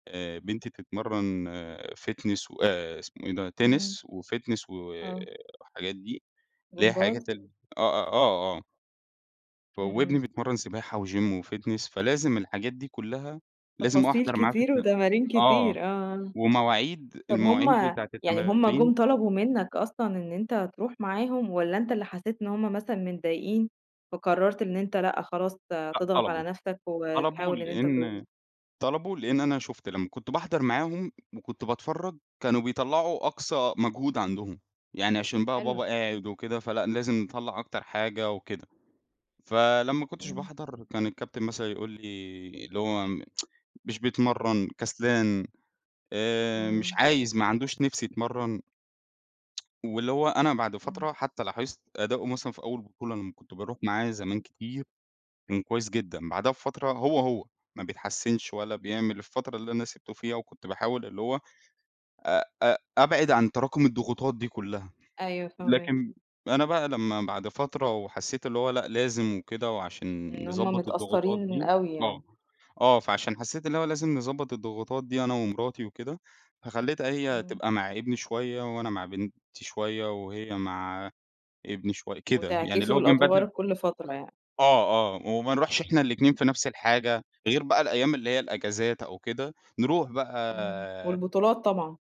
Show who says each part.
Speaker 1: آآ، بنتي بتتمرّن fitness و آآ إسمه إيه ده، tennis
Speaker 2: إمم.
Speaker 1: وfitness و
Speaker 2: آه.
Speaker 1: الحاجات دي، اللي هي حاجات
Speaker 2: جمباز؟
Speaker 1: ال آه، آه، آه، آه، ف
Speaker 2: إمم،
Speaker 1: وابني
Speaker 2: إمم.
Speaker 1: بيتمرّن سباحة وgym وfitness فلازم الحاجات دي كلّها لازم
Speaker 2: تفاصيل
Speaker 1: أحضَر معاه في
Speaker 2: كتير
Speaker 1: الت
Speaker 2: وتمارين
Speaker 1: آه،
Speaker 2: كتير، آه.
Speaker 1: ومواعيد
Speaker 2: طَب هُم
Speaker 1: المواعيد بتاعة
Speaker 2: يعني هُم
Speaker 1: التمارين
Speaker 2: جُم طلَبوا منك أصلًا إن أنت ترُوح معاهم والّا أنت اللي حسّيت إن هُم مثلًا متضايقين، فقرّرت إن أنت لأ، خلاص ت
Speaker 1: لأ
Speaker 2: تضغط على
Speaker 1: طَلبوا،
Speaker 2: نفسك
Speaker 1: طَلبوا،
Speaker 2: وتحاول إن أنت ترُوح؟
Speaker 1: لأن طَلبوا لإن أنا شُُفت لما كنت باحضَر معاهم وكنت باتفرّج كانوا بيطلَّعوا أقصى مجهود عندهم، يعني عشان بقى
Speaker 2: حلو.
Speaker 1: بابا قاعد وكده، فلأ لازم نطلَّع أكتر حاجة وكده، فلما ما كنتش
Speaker 2: إمم.
Speaker 1: باحضَر كان الكابتن مثلًا يقول لي اللي هو "مش بيتمرّن، كسلان آآ، مش
Speaker 2: إمم.
Speaker 1: عايز، ما عندوش نِفس يتمرّن." واللي هو أنا بعد
Speaker 2: إمم.
Speaker 1: فترة حتى لاحظت أداءه مثلًا في أول بطولة لما كنت بارُوح معاه زمان كتير، كان كويس جدًا، بعدها بفترة هو، هو ما بيتحسّنش ولا بيعمل، الفترة اللي أنا سِبته فيها، وكنت باحاول اللي هو آآ، آآ أبعِد عن تراكم الضغوطات دي كلّها.
Speaker 2: أيوه فاهماك.
Speaker 1: لكن أنا بقى لما بعد فترة وحسّيت اللي هو لأ، لازم وكده، وعشان
Speaker 2: إن هُم
Speaker 1: يضبّط الضغوطات
Speaker 2: متأثّرين
Speaker 1: دي
Speaker 2: أوي
Speaker 1: آه،
Speaker 2: يعني.
Speaker 1: آه، فعشان حسّيت إن هو لازم نضبّط الضغوطات دي أنا ومراتي وكده، فخلّيتها هي
Speaker 2: إمم.
Speaker 1: تبقى مع ابني شوية وأنا مع بنتي شوية وهي مع ابني شوية، كده يعني اللي
Speaker 2: وتعكسوا
Speaker 1: هو بنبدّل
Speaker 2: الأدوار كلّ فترة يعني.
Speaker 1: آه، آه، وما نرُوحش إحنا الإتنين في نفس الحاجة، غير بقى الأيام اللي هي الإجازات أو كده نرُوح
Speaker 2: إمم.
Speaker 1: بقى
Speaker 2: والبطولات طبعًا.